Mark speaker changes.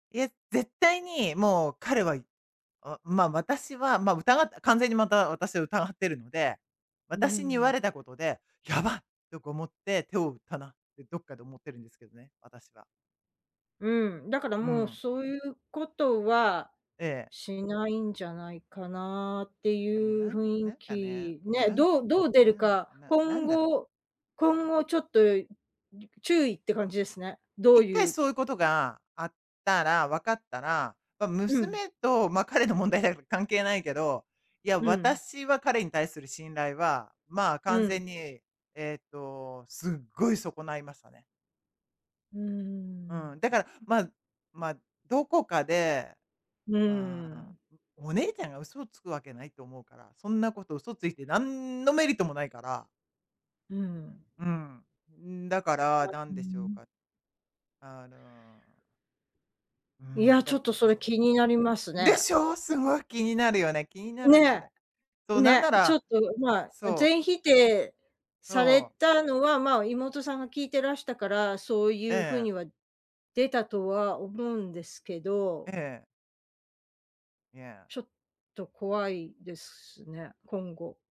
Speaker 1: いえ、絶対にもう彼は、いあ、ま、私は、ま、疑った完全に、また私疑ってるので、
Speaker 2: うー
Speaker 1: 私に言われ
Speaker 2: ん。
Speaker 1: たことで、「やばい！」とか思って、手を打ったなってどっかで思ってるんですけどね、私は。
Speaker 2: うん、だから
Speaker 1: う
Speaker 2: もう、
Speaker 1: ん。
Speaker 2: そういうことは
Speaker 1: ええ。
Speaker 2: しないんじゃないかなって
Speaker 1: いや、もう
Speaker 2: いう
Speaker 1: なん
Speaker 2: 雰
Speaker 1: な
Speaker 2: 囲
Speaker 1: んかね、
Speaker 2: 気
Speaker 1: もう
Speaker 2: ね、
Speaker 1: なん
Speaker 2: どうどう出る
Speaker 1: なん
Speaker 2: か、
Speaker 1: なな
Speaker 2: 今
Speaker 1: んだろう？
Speaker 2: 後今後ちょっと、いう注意って感じですね。ど
Speaker 1: い
Speaker 2: う
Speaker 1: っかい
Speaker 2: ゆう
Speaker 1: そういうことがあったら分かったら、ま、
Speaker 2: うん。
Speaker 1: 娘と、ま、彼の問題であれば関係ないけど、いや、
Speaker 2: うん。
Speaker 1: 私は、彼に対する信頼は、まあ、
Speaker 2: う
Speaker 1: 完
Speaker 2: ん。
Speaker 1: 全に、えっと、すっごい損ないましたね。
Speaker 2: うーん。
Speaker 1: うん、だから、まま、どこかで、
Speaker 2: う
Speaker 1: ま
Speaker 2: ー
Speaker 1: あ、
Speaker 2: ん。
Speaker 1: お姉ちゃんが嘘をつくわけないと思うからそんなこと嘘ついて何のメリットもないから
Speaker 2: うん。
Speaker 1: うん。うーん、だから、な
Speaker 2: う
Speaker 1: ん
Speaker 2: ー
Speaker 1: でしょう
Speaker 2: ん。
Speaker 1: か、あのうー
Speaker 2: いや、
Speaker 1: ん。
Speaker 2: ちょ
Speaker 1: だ
Speaker 2: っ
Speaker 1: か
Speaker 2: と
Speaker 1: ら、
Speaker 2: それ
Speaker 1: そう。
Speaker 2: 気になります
Speaker 1: で
Speaker 2: ね。
Speaker 1: しょ？すごい気になるよね？気になるん
Speaker 2: ね。
Speaker 1: だ。そう、なん
Speaker 2: ね、
Speaker 1: な
Speaker 2: ちょ
Speaker 1: ら
Speaker 2: っとまあ、
Speaker 1: そう。
Speaker 2: 全否定され
Speaker 1: そう。
Speaker 2: たのは、ま、妹さんが聞いてらしたから、そうい
Speaker 1: え
Speaker 2: う風
Speaker 1: え。
Speaker 2: には出たとは思うんですけ
Speaker 1: え
Speaker 2: ど
Speaker 1: え。いや。
Speaker 2: ちょっと怖いですしね、今後。